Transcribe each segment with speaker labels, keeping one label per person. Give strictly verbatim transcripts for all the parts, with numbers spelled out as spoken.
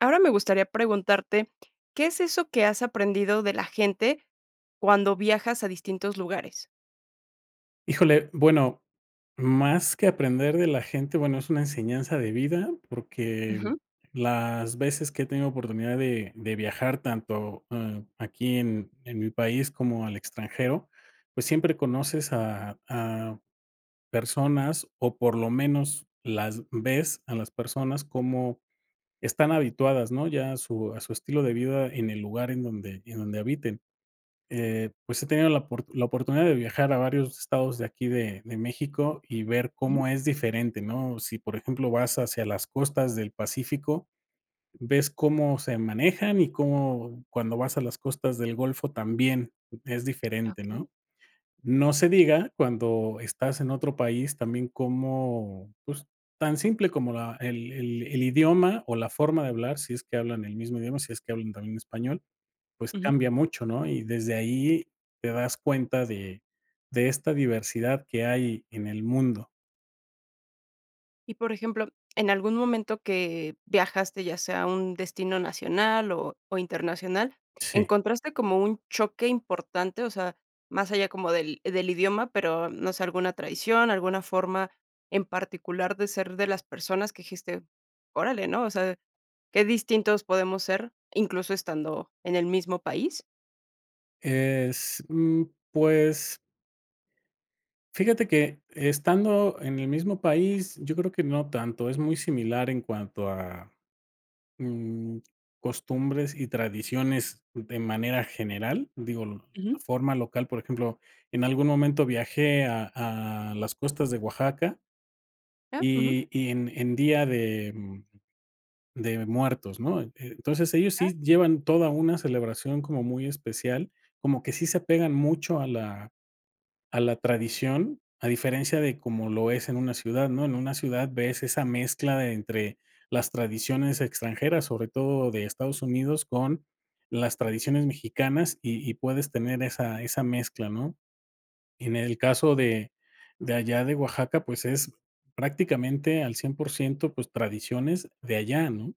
Speaker 1: Ahora me gustaría preguntarte, ¿qué es eso que has aprendido de la gente cuando viajas a distintos lugares?
Speaker 2: Híjole, bueno, más que aprender de la gente, bueno, es una enseñanza de vida, porque
Speaker 1: Ujú.
Speaker 2: las veces que he tenido oportunidad de de viajar tanto, ah, aquí en en mi país como al extranjero, pues, siempre conoces a a personas o por lo menos las ves a las personas cómo están habituadas, ¿no? Ya a su a su estilo de vida en el lugar en donde en donde habiten. Eh, pues, he tenido la oport la oportunidad de viajar a varios estados de aquí de de México y ver
Speaker 1: Ujú.
Speaker 2: cómo es diferente, ¿no? Sí, por ejemplo, vas hacia las costas del Pacífico, ves cómo se manejan y cómo cuando vas a las costas del golfo también es diferente,
Speaker 1: Okey.
Speaker 2: ¿no? No se diga cuando estás en otro país también, como, pues, tan simple como la el el el idioma o la forma de hablar, si es que hablan el mismo idioma, si es que hablan también español, pues,
Speaker 1: Ujú.
Speaker 2: cambia mucho, ¿no? Y desde ahí te das cuenta de de esta diversidad que hay en el mundo.
Speaker 1: Y, por ejemplo, en algún momento que viajaste, ya sea a un destino nacional o o internacional,
Speaker 2: Sí.
Speaker 1: ¿encontraste como un choque importante?, o sea, más allá como del del idioma, pero no sé, alguna tradición, alguna forma en particular de ser de las personas que dijiste: "Orale", ¿no?, o sea, qué distintos podemos ser, incluso estando en el mismo país.
Speaker 2: Es, mm, pues fíjate que estando en el mismo país, yo creo que no tanto, es muy similar en cuanto a, mm, costumbres y tradiciones de manera general, digo, l la
Speaker 1: Ujú.
Speaker 2: forma local, por ejemplo, en algún momento viajé a a las costas de Oaxaca
Speaker 1: Ah, ujú.
Speaker 2: y y en en Día de, mm, de Muertos, ¿no?, eh, entonces ellos
Speaker 1: Ah.
Speaker 2: sí llevan toda una celebración como muy especial, como que sí se apegan mucho a la a la tradición, a diferencia de como lo es en una ciudad, ¿no? En una ciudad ves esa mezcla de entre las tradiciones extranjeras, sobre todo de Estados Unidos, con las tradiciones mexicanas y y puedes tener esa esa mezcla, ¿no? En el caso de de allá de Oaxaca, pues, es prácticamente al cien por ciento, pues, tradiciones de allá, ¿no?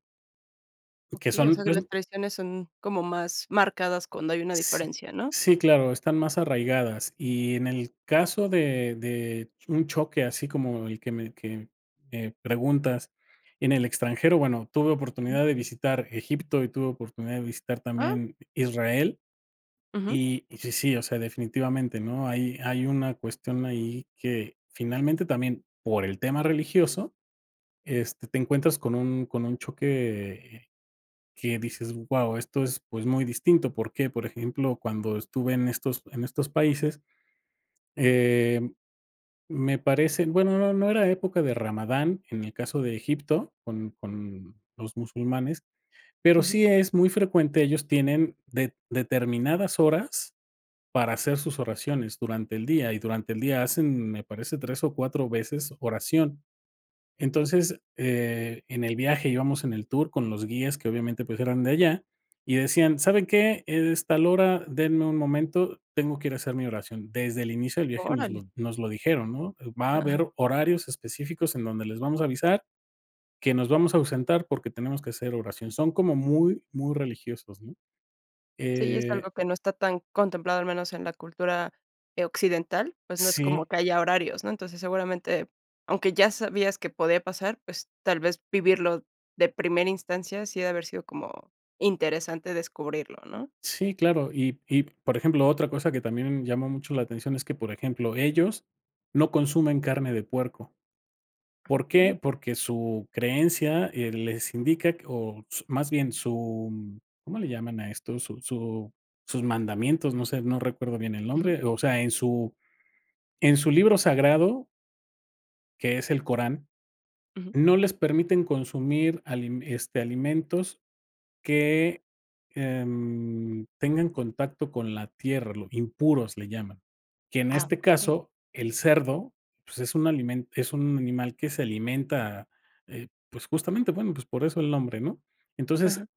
Speaker 2: Que
Speaker 1: Okey. O
Speaker 2: son,
Speaker 1: sea que
Speaker 2: pues
Speaker 1: las traiciones son como más marcadas cuando hay una
Speaker 2: S
Speaker 1: diferencia, ¿no?
Speaker 2: sí, claro, están más arraigadas, y en el caso de de un choque así como el que me que me, eh, preguntas en el extranjero, bueno, tuve oportunidad de visitar Egipto y tuve oportunidad de visitar
Speaker 1: Ah.
Speaker 2: también Israel
Speaker 1: Ujú.
Speaker 2: y y sí sí, o sea, definitivamente, ¿no? Hay hay una cuestión ahí que finalmente, también por el tema religioso, este, te encuentras con un con un choque que dices: "Guau esto es, pues, muy distinto", ¿por qué? Por ejemplo, cuando estuve en estos en estos países, em, me parece, bueno, no no era época de Ramadán, en el caso de Egipto, con con los musulmanes. Pero
Speaker 1: Ujú.
Speaker 2: sí es muy frecuente, ellos tienen det determinadas horas para hacer sus oraciones durante el día y durante el día hacen, me parece, tres o cuatro veces oración. Entonces, eh, en el viaje íbamos en el tour con los guías que, obviamente, pues, eran de allá y decían: "¿Saben qué? Es tal hora, denme un momento, tengo que ir a hacer mi oración". Desde el inicio del viaje nos lo
Speaker 1: Órale.
Speaker 2: nos lo dijeron, ¿no? Va a
Speaker 1: Ajá.
Speaker 2: haber horarios específicos en donde les vamos a avisar que nos vamos a ausentar porque tenemos que hacer oración. Son como muy muy religiosos, ¿no?
Speaker 1: Sí, es
Speaker 2: Eh
Speaker 1: algo que no está tan contemplado, al menos en la cultura, eh, occidental, pues, no es como
Speaker 2: Sí.
Speaker 1: que haya horarios, ¿no? Entonces, seguramente, aunque ya sabías que podía pasar, pues, tal vez vivirlo de primera instancia, sí ha de haber sido como interesante descubrirlo, ¿no?
Speaker 2: Sí, claro, y y por ejemplo, otra cosa que también llama mucho la atención es que, por ejemplo, ellos no consumen carne de puerco,
Speaker 1: Ah,
Speaker 2: ¿por
Speaker 1: okey.
Speaker 2: qué? Porque su creencia, eh, les indica que, o s más bien su, ¿cómo le llaman a esto? Su su sus mandamientos, no sé, no recuerdo bien el
Speaker 1: Ujú.
Speaker 2: nombre, o sea, en su en su libro sagrado que es el Corán,
Speaker 1: Ujú.
Speaker 2: no les permiten consumir alime este, alimentos que, em, tengan contacto con la tierra, lo impuros le llaman. Que en
Speaker 1: Ah,
Speaker 2: este
Speaker 1: okey.
Speaker 2: caso el cerdo, pues, es un alimento es un animal que se alimenta, eh, pues, justamente, bueno, pues, por eso el nombre, ¿no? Entonces,
Speaker 1: Ajá.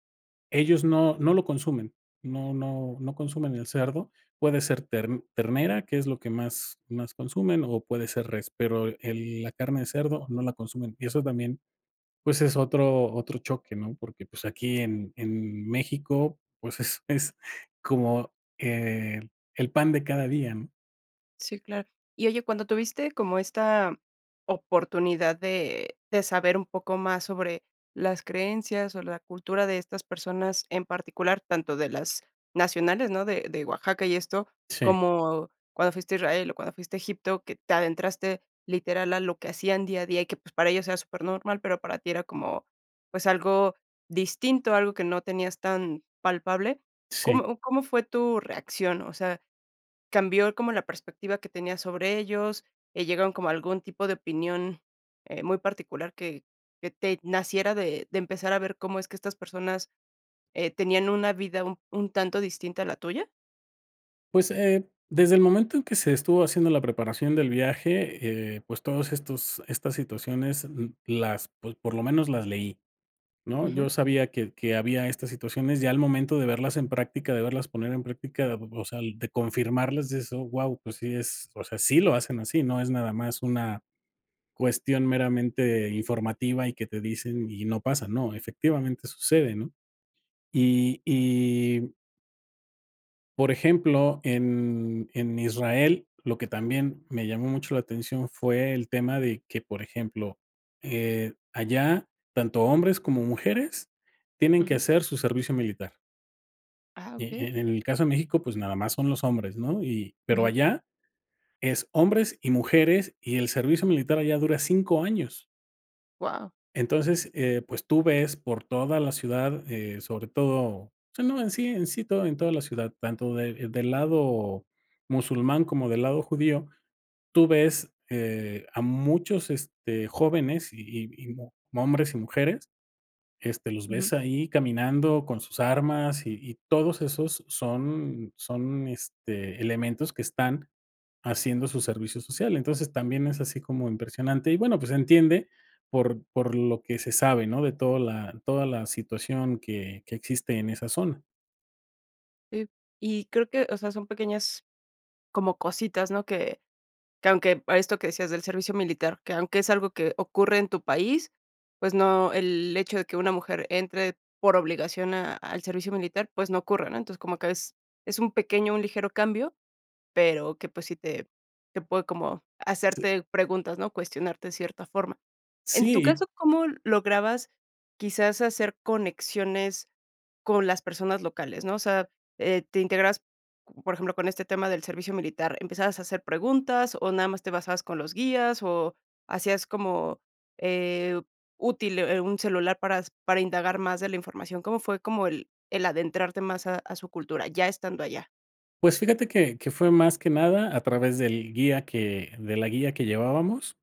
Speaker 2: ellos no no lo consumen, no no no consumen el cerdo puede ser ter ternera que es lo que más más consumen, o puede ser res pero el la carne de cerdo no la consumen y eso también, pues, es otro otro choque, ¿no? Porque, pues, aquí en en México, pues, es es como, eh, el el pan de cada día, ¿no?
Speaker 1: Sí, claro. Y oye, cuando tuviste como esta oportunidad de de saber un poco más sobre las creencias o la cultura de estas personas en particular, tanto de las nacionales, ¿no? De de Oaxaca y esto,
Speaker 2: Sí.
Speaker 1: como cuando fuiste a Israel o cuando fuiste a Egipto, que te adentraste literal a lo que hacían día a día y que, pues, para ellos era supernormal, pero para ti era como, pues, algo distinto, algo que no tenías tan palpable,
Speaker 2: Sí.
Speaker 1: ¿cómo cómo fue tu reacción? O sea, ¿cambió como la perspectiva que tenías sobre ellos?, eh, ¿llegaron como a algún tipo de opinión, eh, muy particular, que que te naciera de de empezar a ver cómo es que estas personas, eh, tenían una vida un un tanto distinta a la tuya?
Speaker 2: Pues, eh, desde el momento en que se estuvo haciendo la preparación del viaje, eh, pues, todos estos estas situaciones m las, pues, por lo menos las leí, ¿no? Yo
Speaker 1: Ujú.
Speaker 2: sabía que que había estas situaciones, ya al momento de verlas en práctica, de verlas poner en práctica, o sea, de confirmarlas, dices: "Oh, guau", pues sí es, o sea, sí lo hacen así, no es nada más una cuestión meramente informativa y que te dicen y no pasa, ¿no?, efectivamente sucede, ¿no? Y y por ejemplo, en en Israel, lo que también me llamó mucho la atención fue el tema de que, por ejemplo, eh, allá tanto hombres como mujeres tienen que
Speaker 1: Ujú.
Speaker 2: hacer su servicio militar.
Speaker 1: Ah, okey.
Speaker 2: E-en el caso de México, pues, nada más son los hombres, ¿no? Y pero
Speaker 1: Ujú.
Speaker 2: allá, es hombres y mujeres y el servicio militar allá dura cinco años.
Speaker 1: Guau.
Speaker 2: Entonces, eh, pues, tú ves por toda la ciudad, eh, sobre todo, o sea, no en sí en sí, todo en toda la ciudad, tanto de, del lado musulmán como del lado judío, tú ves, eh, a muchos, este, jóvenes y y y mu hombres y mujeres, este, los
Speaker 1: Ujú.
Speaker 2: ves ahí caminando con sus armas y y todos esos son son, este, elementos que están haciendo su servicio social. Entonces, también es así como impresionante, y bueno, pues, se entiende por por lo que se sabe, ¿no?, de toda la toda la situación que que existe en esa zona.
Speaker 1: Eh, y creo que, o sea, son pequeñas como cositas, ¿no? Que que aunque a esto que decías del servicio militar, que aunque es algo que ocurre en tu país, pues, no, el hecho de que una mujer entre por obligación a al servicio militar, pues, no ocurre, ¿no? Entonces, como que es es un pequeño, un ligero cambio, pero que, pues, sí te te puede como
Speaker 2: Sí.
Speaker 1: hacerte preguntas, ¿no? Cuestionarte de cierta forma. En tu
Speaker 2: Sí.
Speaker 1: caso, ¿cómo lograbas quizás hacer conexiones con las personas locales?, ¿no? O sea, eh, te integrabas, por ejemplo, con este tema del servicio militar, ¿empezabas a hacer preguntas o nada más te basabas con los guías o hacías como, eh, útil, eh, un celular para s para indagar más de la información? ¿Cómo fue como el el adentrarte más a a su cultura? Ya estando allá.
Speaker 2: Pues, fíjate que que fue más que nada a través del guía que de la guía que llevábamos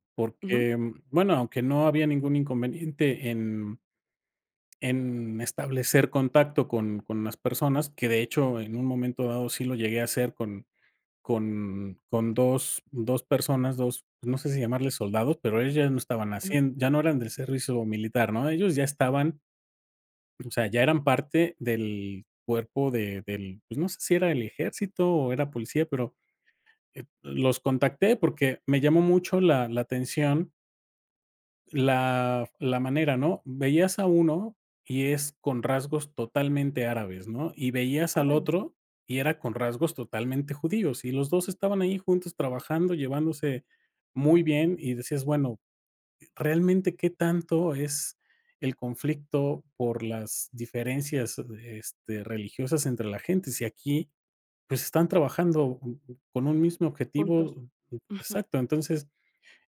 Speaker 1: Ujú.
Speaker 2: porque, bueno aunque no había ningún inconveniente en en establecer contacto con con las personas, que de hecho, en un momento dado sí lo llegué a hacer con con con dos dos personas, dos, no sé si llamarle soldados, pero ellos ya no estaban
Speaker 1: Ujú.
Speaker 2: haciendo ya no eran del servicio militar, ¿no? Ellos ya estaban, o sea, ya eran parte del cuerpo de del, pues, no sé si era el ejército o era policía pero, eh, los contacté porque me llamó mucho la la atención la f la manera, ¿no? Veías a uno y es con rasgos totalmente árabes, ¿no? Y veías al
Speaker 1: Órale.
Speaker 2: otro y era con rasgos totalmente judíos, y los dos estaban ahí juntos trabajando, llevándose muy bien, y decías: "Bueno, realmente qué tanto es el conflicto por las diferencias, eh, este, religiosas entre la gente. Si aquí, pues, están trabajando co con un mismo objetivo
Speaker 1: Juntos.
Speaker 2: o"
Speaker 1: Ujú.
Speaker 2: Exacto. Entonces,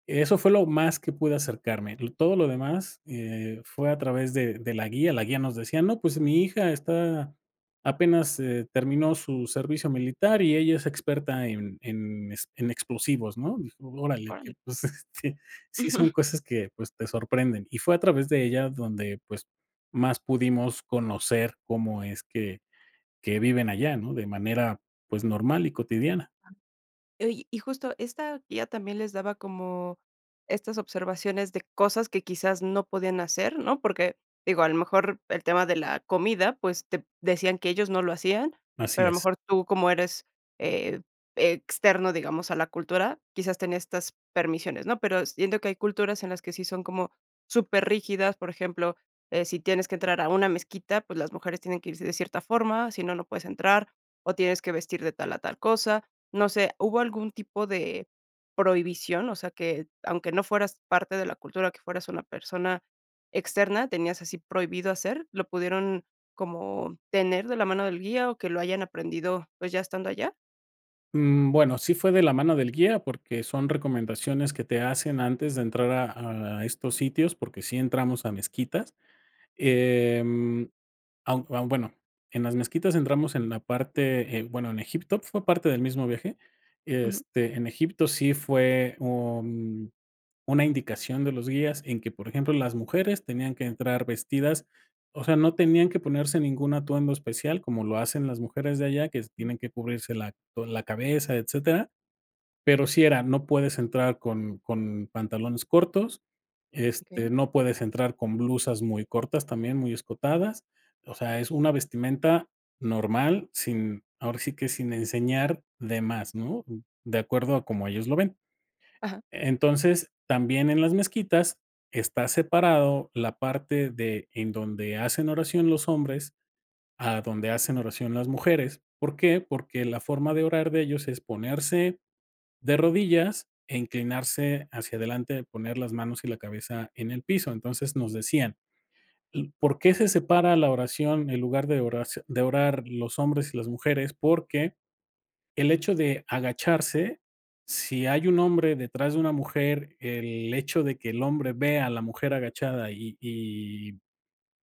Speaker 2: eso fue lo más que pude acercarme, l todo lo demás, eh, fue a través de de la guía, la guía nos decía: "No, pues mi hija está apenas, eh, terminó su servicio militar y ella es experta en en es en explosivos", ¿no? Órale, que
Speaker 1: Órale.
Speaker 2: pues, este, sí son cosas que, pues, te sorprenden. Y fue a través de ella donde, pues, más pudimos conocer cómo es que que viven allá, ¿no? De manera, pues, normal y cotidiana.
Speaker 1: Oye, y justo esta guía también les daba como estas observaciones de cosas que quizás no podían hacer, ¿no? Porque, digo, a lo mejor el tema de la comida, pues, te decían que ellos no lo hacían,
Speaker 2: Así
Speaker 1: pero a lo
Speaker 2: es.
Speaker 1: mejor tú como eres e e externo, digamos, a la cultura, quizás tenía estas permisiones, ¿no? Pero siento que hay culturas en las que sí son como super rígidas. Por ejemplo, eh, si tienes que entrar a una mezquita, pues, las mujeres tienen que irse de cierta forma, si no, no puedes entrar o tienes que vestir de tal a tal cosa. No sé, ¿hubo algún tipo de prohibición?, o sea, ¿que aunque no fueras parte de la cultura, que fueras una persona externa, tenías así prohibido hacer? ¿Lo pudieron como tener de la mano del guía o que lo hayan aprendido, pues, ya estando allá?
Speaker 2: Mm, bueno, sí fue de la mano del guía, porque son recomendaciones que te hacen antes de entrar a a estos sitios, porque sí entramos a mezquitas. Em, aun aun, bueno, en las mezquitas entramos en la parte en, bueno, en Egipto fue parte del mismo viaje,
Speaker 1: Ujú.
Speaker 2: este, en Egipto sí fue, mm, un una indicación de los guías en que, por ejemplo, las mujeres tenían que entrar vestidas, o sea, no tenían que ponerse ningún atuendo especial como lo hacen las mujeres de allá que se
Speaker 1: Ujú.
Speaker 2: tienen que cubrirse la toda la cabeza, etcétera, pero sí era: "No puedes entrar con con pantalones cortos, este,
Speaker 1: Okey.
Speaker 2: no puedes entrar con blusas muy cortas, también muy escotadas". O sea es una vestimenta normal, sin ahora sí que sin enseñar de más, ¿no?, de acuerdo a como ellos lo ven.
Speaker 1: Ajá.
Speaker 2: Entonces, también en las mezquitas está separado la parte de, en donde hacen oración los hombres, a donde hacen oración las mujeres, ¿por qué?, porque la forma de orar de ellos es ponerse de rodillas e inclinarse hacia adelante, poner las manos y la cabeza en el piso, entonces, nos decían: "¿Por qué se separa la oración en lugar de oraci de orar los hombres y las mujeres? Porque el hecho de agacharse, si hay un hombre detrás de una mujer, el hecho de que el hombre vea a la mujer agachada y y,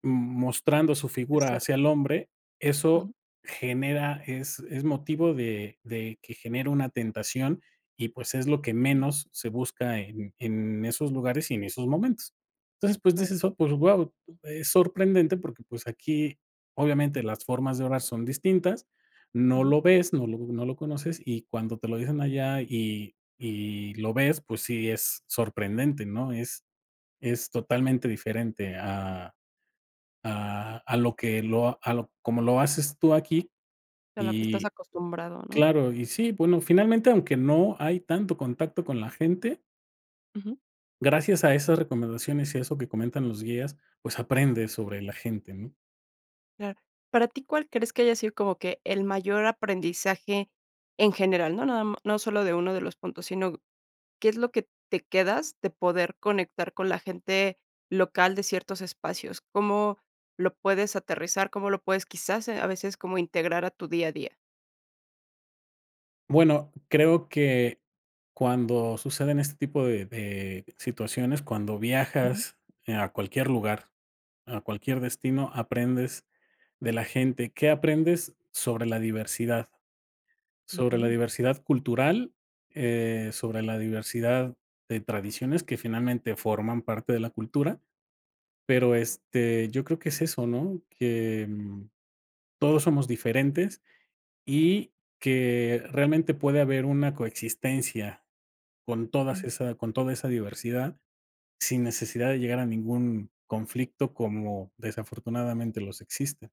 Speaker 2: mm, mostrando su
Speaker 1: Es
Speaker 2: figura
Speaker 1: ser.
Speaker 2: hacia el hombre, eso
Speaker 1: Ujú.
Speaker 2: genera es es motivo de de que genera una tentación y, pues, es lo que
Speaker 1: Okey.
Speaker 2: menos se busca en en esos lugares y en esos momentos". Entonces, pues,
Speaker 1: Claro.
Speaker 2: dices: "Oh, pues, guau". Es sorprendente, porque, pues, aquí, obviamente, las formas de orar son distintas, no
Speaker 1: Ujú.
Speaker 2: lo ves, no lo no lo conoces, y cuando te lo dicen allá y y lo ves, pues, sí, es sorprendente, ¿no?, es es totalmente diferente a a a lo que lo a lo como lo haces tú aquí
Speaker 1: De lo que estás
Speaker 2: y
Speaker 1: acostumbrado, ¿no?
Speaker 2: claro. Y sí, bueno, finalmente, aunque no hay tanto contacto con la gente
Speaker 1: Ujú.
Speaker 2: gracias a esas recomendaciones y eso que comentan los guías, pues, aprendes sobre la gente, ¿no?
Speaker 1: Claro. ¿Para ti cuál crees que haya sido como que el mayor aprendizaje en general? No, nada m no solo de uno de los puntos, sino, ¿qué es lo que te quedas de poder conectar con la gente local de ciertos espacios? ¿Cómo lo puedes aterrizar? ¿Cómo lo puedes quizás a veces como integrar a tu día a día?
Speaker 2: Bueno, creo que cuando suceden este tipo de de situaciones, cuando
Speaker 1: Ujú.
Speaker 2: viajas, eh, a cualquier lugar, a cualquier destino, aprendes de la gente. ¿Qué aprendes? Sobre la diversidad, sobre la
Speaker 1: Okey.
Speaker 2: diversidad cultural, eh, sobre la diversidad de tradiciones que finalmente forman parte de la cultura. Pero, este, yo creo que es eso, ¿no? Que todos somos diferentes y que realmente puede haber una coexistencia con todas
Speaker 1: Um.
Speaker 2: esa con toda esa diversidad sin necesidad de llegar a ningún conflicto como desafortunadamente los existe.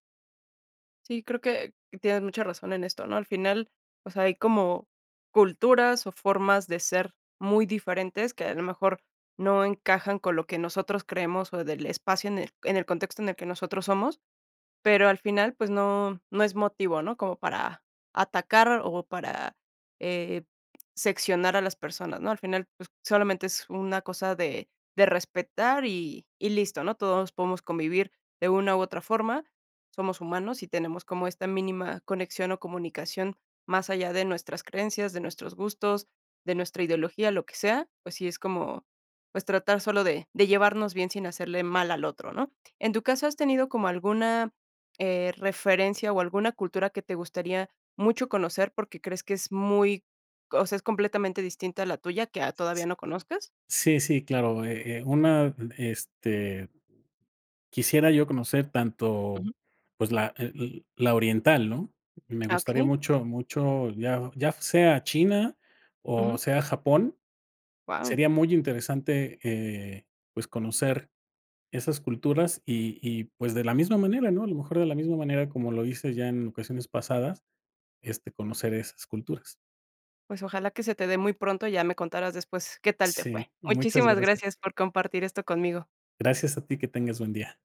Speaker 1: Sí, creo que, tienes mucha razón en esto, ¿no? Al final, o sea, hay como, culturas o formas de ser muy diferentes que a lo mejor, no encajan con lo que nosotros creemos o del espacio en el en el contexto en el que nosotros somos. Pero al final, pues no no es motivo, ¿no? Como para, atacar o para, eh, seccionar a las personas, ¿no? Al final, pues, solamente es una cosa de de respetar y y listo, ¿no? Todos podemos convivir de una u otra forma. Somos humanos y tenemos como esta mínima conexión o comunicación, más allá de nuestras creencias, de nuestros gustos, de nuestra ideología, lo que sea, pues sí es como, pues, tratar solo de de llevarnos bien sin hacerle mal al otro, ¿no? En tu caso, ¿has tenido como alguna, eh, referencia o alguna cultura que te gustaría, mucho conocer porque crees que es muy, o sea, es completamente distinta a la tuya, que, ah,
Speaker 2: S
Speaker 1: todavía
Speaker 2: s
Speaker 1: no conozcas?
Speaker 2: Sí, sí, claro, eh, eh, una, este, quisiera yo conocer tanto,
Speaker 1: Ujú.
Speaker 2: pues, la, eh o, la oriental, ¿no? Y me
Speaker 1: Ah,
Speaker 2: gustaría
Speaker 1: okey.
Speaker 2: mucho, mucho, ya, ya sea China o
Speaker 1: Ujú.
Speaker 2: sea Japón,
Speaker 1: Wao.
Speaker 2: sería muy interesante, eh, pues, conocer esas culturas y y, pues, de la misma manera, ¿no? A lo mejor de la misma manera, como lo dices ya en ocasiones pasadas, este, conocer esas culturas.
Speaker 1: Pues ojalá que se te dé muy pronto ya me contarás después, qué tal te fue.
Speaker 2: Sí, muchas
Speaker 1: Muchísimas
Speaker 2: gracias.
Speaker 1: gracias por compartir esto conmigo.
Speaker 2: Gracias a ti, que tengas buen día.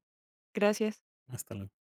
Speaker 1: Gracias.
Speaker 2: Hasta luego.